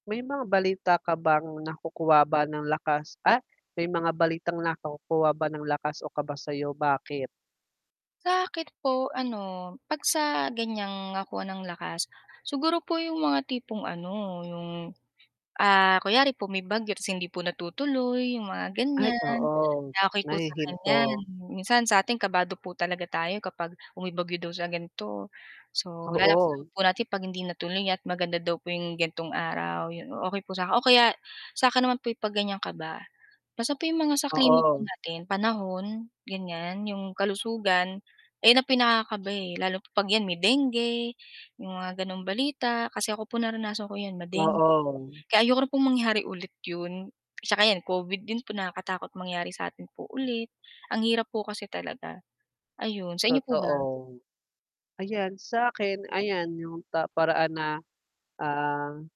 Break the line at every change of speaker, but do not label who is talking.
May mga balita ka bang nakukuha ba ng lakas Ah! May mga balitang nakukuha ba ng lakas o kaba sayo, bakit?
Sa 'kin po ano 'pag sa ganiyang nakuha ng lakas, siguro po 'yong mga tipong ano 'yong, ah, kunwari po may bagyo 'tas hindi po natutuloy 'yong mga
Ay,
ganiyan
oo.
na okey po sa ganiyan.
Nahihinto.
Minsan sa atin kabado po talaga tayo kapag kung may bagyo daw sa ganito so lalakas loob
Oo.
po natin 'pag hindi natuloy at maganda daw po 'yong ganitong araw, 'yon. O okey po sa 'kin. O kaya, sa akin naman po 'pag ganyan kaba basta po 'yong mga sa klima po
Oo.
natin, panahon, ganiyan. 'Yong kalusugan ayan ang pinakakaba, eh, lalo pa 'pag 'yan may dengue, 'yong mga gano'ng balita. Kasi ako po naranasan ko 'yan, ma-dengue.
Oo.
Kaya ayoko na pong mangyari ulit 'yon 'tsaka 'yon, COVID din po nakakatakot mangyari sa atin po ulit. Ang hirap po kasi talaga, ayon. Sa inyo po ba?
Totoo. Ayan sa 'kin, ayan, 'yong ta paraan na, ah